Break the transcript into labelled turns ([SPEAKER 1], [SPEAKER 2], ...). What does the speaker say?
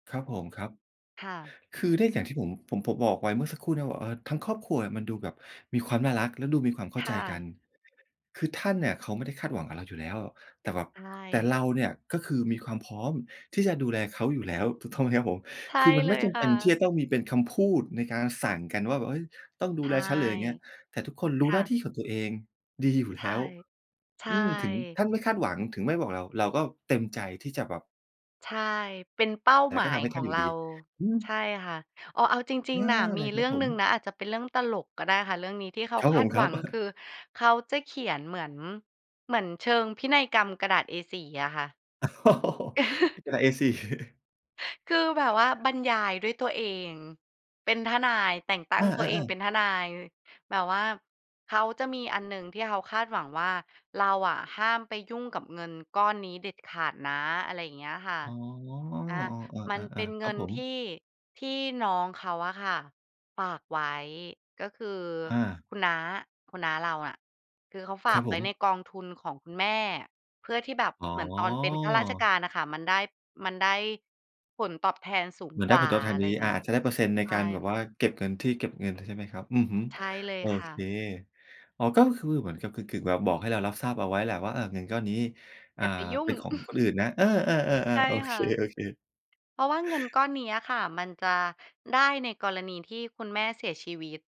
[SPEAKER 1] ครับผมครับ
[SPEAKER 2] ค่ะ
[SPEAKER 1] คือได้อย่างที่ผม ผม ผมบอกไว้เมื่อสักครู่เนี่ยบอก เออ ทั้งครอบครัวมันดูแบบมีความน่ารัก และดูมีความเข้
[SPEAKER 2] ค
[SPEAKER 1] าใจ
[SPEAKER 2] ่
[SPEAKER 1] กั
[SPEAKER 2] ะ
[SPEAKER 1] น คือท่านเนี่ย เขาไม่ได้คาดหวังกับเราอยู่แล้ว แต่แบบ
[SPEAKER 2] ใช
[SPEAKER 1] แต่
[SPEAKER 2] ่
[SPEAKER 1] เราเนี่ย ก็คือมีความพร้อมที่จะดูแลเขาอยู่แล้ว ถูกต้องไหมครับผม?
[SPEAKER 2] ใช่
[SPEAKER 1] คือมัน
[SPEAKER 2] เล
[SPEAKER 1] ไม่
[SPEAKER 2] ย
[SPEAKER 1] จ
[SPEAKER 2] ค
[SPEAKER 1] ำเป
[SPEAKER 2] ่
[SPEAKER 1] ็นที่
[SPEAKER 2] ะ
[SPEAKER 1] จะต้องมีเป็นคำพูดในการสั่งกันว่า "เอ๊ย! ต้องด
[SPEAKER 2] ใช
[SPEAKER 1] ู
[SPEAKER 2] ่
[SPEAKER 1] แลฉัน" หรืออะไรอย่างเงี้ย แต่ทุกคนร
[SPEAKER 2] ค
[SPEAKER 1] ู้ห
[SPEAKER 2] ่
[SPEAKER 1] น้า
[SPEAKER 2] ะ
[SPEAKER 1] ที่ของตัวเองดีอยู่
[SPEAKER 2] ใช
[SPEAKER 1] แล
[SPEAKER 2] ่
[SPEAKER 1] ้ว
[SPEAKER 2] ใช
[SPEAKER 1] อืม ถึง
[SPEAKER 2] ่
[SPEAKER 1] ท่านไม่คาดหวัง ถึงไม่บอกเรา เราก็เต็มใจที่จะแบบ
[SPEAKER 2] ใช่ เป็นเป้า
[SPEAKER 1] แต
[SPEAKER 2] ห
[SPEAKER 1] ่
[SPEAKER 2] มา
[SPEAKER 1] ก็ท
[SPEAKER 2] ย
[SPEAKER 1] ำให้
[SPEAKER 2] ข
[SPEAKER 1] ท
[SPEAKER 2] อ
[SPEAKER 1] ่าน
[SPEAKER 2] ง
[SPEAKER 1] อยู
[SPEAKER 2] เ
[SPEAKER 1] ่
[SPEAKER 2] รา
[SPEAKER 1] ดี อื
[SPEAKER 2] ใช
[SPEAKER 1] ม
[SPEAKER 2] ่ค่ะ อ๋อ เอาจริ
[SPEAKER 1] อ
[SPEAKER 2] ง
[SPEAKER 1] า
[SPEAKER 2] ๆ น่ะ ม
[SPEAKER 1] เ
[SPEAKER 2] ี
[SPEAKER 1] ลยค
[SPEAKER 2] เร
[SPEAKER 1] ร
[SPEAKER 2] ื
[SPEAKER 1] ั
[SPEAKER 2] ่
[SPEAKER 1] บ
[SPEAKER 2] อง
[SPEAKER 1] ผ
[SPEAKER 2] หนึ
[SPEAKER 1] ม
[SPEAKER 2] ่งนะ อาจจะเป็นเรื่องตลกก็ได้ค่ะ เรื่องนี้ที่เขา
[SPEAKER 1] ครับ
[SPEAKER 2] ค
[SPEAKER 1] ผ
[SPEAKER 2] าด
[SPEAKER 1] มค
[SPEAKER 2] หว
[SPEAKER 1] รั
[SPEAKER 2] ั
[SPEAKER 1] บ
[SPEAKER 2] งคือ เขาจะเขียนเหมือน เหมือนเชิงพินัยกรรมกระดาษ A4 อะค่ะ
[SPEAKER 1] กระดาษ A4
[SPEAKER 2] คือแบบว่าบรรยายด้วยตัวเอง เป็นทนาย แต่งตั้
[SPEAKER 1] อ
[SPEAKER 2] งตัวเอง
[SPEAKER 1] า
[SPEAKER 2] เป
[SPEAKER 1] ๆ ๆ
[SPEAKER 2] ็นทนาย แบบว่าเขาจะมีอันหนึ่งที่เขาคาดหวังว่า เราอะห้ามไปยุ่งกับเงินก้อนนี้เด็ดขาดนะ อะไรอย่างเงี้ยค่ะ
[SPEAKER 1] อ๋อ
[SPEAKER 2] อา มั
[SPEAKER 1] อ
[SPEAKER 2] นเป็
[SPEAKER 1] า
[SPEAKER 2] น
[SPEAKER 1] ๆ ๆ ค
[SPEAKER 2] เง
[SPEAKER 1] รั
[SPEAKER 2] ิ
[SPEAKER 1] บ
[SPEAKER 2] น
[SPEAKER 1] ผม
[SPEAKER 2] ที่ ที่น้องเขาอะค่ะฝากไว้ ก็คือ
[SPEAKER 1] อา
[SPEAKER 2] คุณน้า คุณน้าเราอะ คือเขาฝ
[SPEAKER 1] ค
[SPEAKER 2] า
[SPEAKER 1] รั
[SPEAKER 2] ก
[SPEAKER 1] บ
[SPEAKER 2] ไ
[SPEAKER 1] ผ
[SPEAKER 2] ว้ใน
[SPEAKER 1] ม
[SPEAKER 2] กองทุนของคุณแม่ เพื่อที่แบบ
[SPEAKER 1] อ๋อ
[SPEAKER 2] เหมือนตอนเป็นข้าราชการน่ะค่ะ มันได้ มันได้ผลตอบแทนสูง
[SPEAKER 1] เหมือน
[SPEAKER 2] ก
[SPEAKER 1] ได้
[SPEAKER 2] ว่
[SPEAKER 1] ผ
[SPEAKER 2] า
[SPEAKER 1] ลตอบแท
[SPEAKER 2] อ
[SPEAKER 1] น
[SPEAKER 2] ะไร
[SPEAKER 1] ดี
[SPEAKER 2] อย่าง
[SPEAKER 1] อ่
[SPEAKER 2] ง
[SPEAKER 1] า
[SPEAKER 2] ี้
[SPEAKER 1] อาจจะได้เปอร์เซ็นต์ใน
[SPEAKER 2] ใช
[SPEAKER 1] ก
[SPEAKER 2] ่
[SPEAKER 1] ารแบบว่าเก็บเงินที่ เก็บเงิน ใช่ไหมครับ อือฮึ
[SPEAKER 2] ใช่เล
[SPEAKER 1] โ
[SPEAKER 2] ย
[SPEAKER 1] อ
[SPEAKER 2] ค่
[SPEAKER 1] เค
[SPEAKER 2] ะ
[SPEAKER 1] อ๋อ ก็คือเหมือนกับกึ่ง ๆ แบบบอกให้เรารับทราบเอาไว้แหละว่า อะ เงินก้อนนี้ อ่
[SPEAKER 2] อย
[SPEAKER 1] า
[SPEAKER 2] ่าไปยุ่
[SPEAKER 1] เป
[SPEAKER 2] ง
[SPEAKER 1] ็นของคนอื่นนะ เออ
[SPEAKER 2] ใช
[SPEAKER 1] ๆ
[SPEAKER 2] ่
[SPEAKER 1] ๆ ๆ โอ
[SPEAKER 2] ค
[SPEAKER 1] เค
[SPEAKER 2] ่ะ
[SPEAKER 1] ๆ
[SPEAKER 2] เพราะว่าเงินก้อนเนี้ยอะค่ะ มันจะได้ในกรณีที่คุณแม่เสียชีวิต